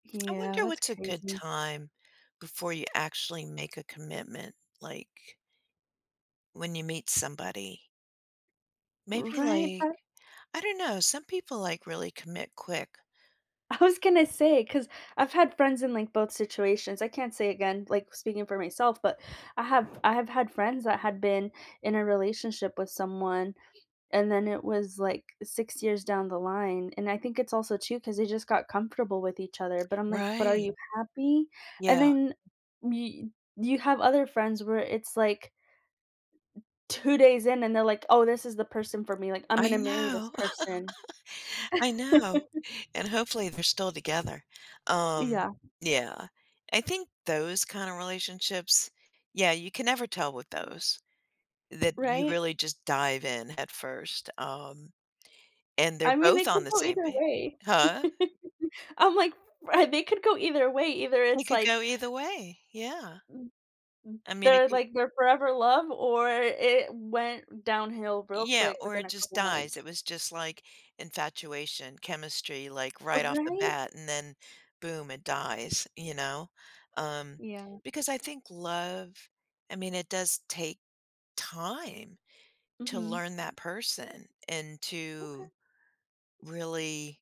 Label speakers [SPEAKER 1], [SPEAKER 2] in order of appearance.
[SPEAKER 1] I
[SPEAKER 2] Yeah,
[SPEAKER 1] wonder
[SPEAKER 2] that's
[SPEAKER 1] what's a good
[SPEAKER 2] crazy.
[SPEAKER 1] time before you actually make a commitment, like when you meet somebody. Maybe,
[SPEAKER 2] Right,
[SPEAKER 1] like
[SPEAKER 2] that
[SPEAKER 1] I don't know, some people, like, really commit quick.
[SPEAKER 2] I was gonna say, 'cause I've had friends in, like, both situations, I can't say again, like, speaking for myself, but I have I have had friends that had been in a relationship with someone and, then it was, like, 6 years down the line and I think it's also, too, 'cause they just got comfortable with each other, but I'm like, "But, are
[SPEAKER 1] Right.
[SPEAKER 2] you happy?" And,
[SPEAKER 1] Yeah.
[SPEAKER 2] then, y you have other friends where it's, like 2 days in and they're like, "Oh, this is the person for me, like, I'm
[SPEAKER 1] I
[SPEAKER 2] gonna marry this
[SPEAKER 1] know
[SPEAKER 2] person."
[SPEAKER 1] I know, and, hopefully, they're still together, um,
[SPEAKER 2] Yeah.
[SPEAKER 1] yeah, I think those kinda relationships yeah, you can never tell with those, that you
[SPEAKER 2] Right.
[SPEAKER 1] really just dive in head 1st, um, and they're
[SPEAKER 2] I mean, they
[SPEAKER 1] both
[SPEAKER 2] could
[SPEAKER 1] on the
[SPEAKER 2] go
[SPEAKER 1] same
[SPEAKER 2] either
[SPEAKER 1] pa
[SPEAKER 2] way,
[SPEAKER 1] Huh?
[SPEAKER 2] I'm like, ri they could go either way, either
[SPEAKER 1] It
[SPEAKER 2] it's,
[SPEAKER 1] could
[SPEAKER 2] like
[SPEAKER 1] go either way, yeah.
[SPEAKER 2] M m
[SPEAKER 1] I mean, it
[SPEAKER 2] they're,
[SPEAKER 1] could
[SPEAKER 2] like, their forever love, or it went downhill real
[SPEAKER 1] Yeah,
[SPEAKER 2] quick
[SPEAKER 1] or
[SPEAKER 2] within
[SPEAKER 1] it
[SPEAKER 2] a
[SPEAKER 1] just
[SPEAKER 2] couple
[SPEAKER 1] dies,
[SPEAKER 2] months.
[SPEAKER 1] it was just, like, infatuation, chemistry, like,
[SPEAKER 2] Oh,
[SPEAKER 1] right off the
[SPEAKER 2] right.
[SPEAKER 1] bat, and then boom, it dies, you know, um,
[SPEAKER 2] Yeah.
[SPEAKER 1] because I think love I mean, it does take time to
[SPEAKER 2] Mhm.
[SPEAKER 1] learn that person and to
[SPEAKER 2] Okay.
[SPEAKER 1] really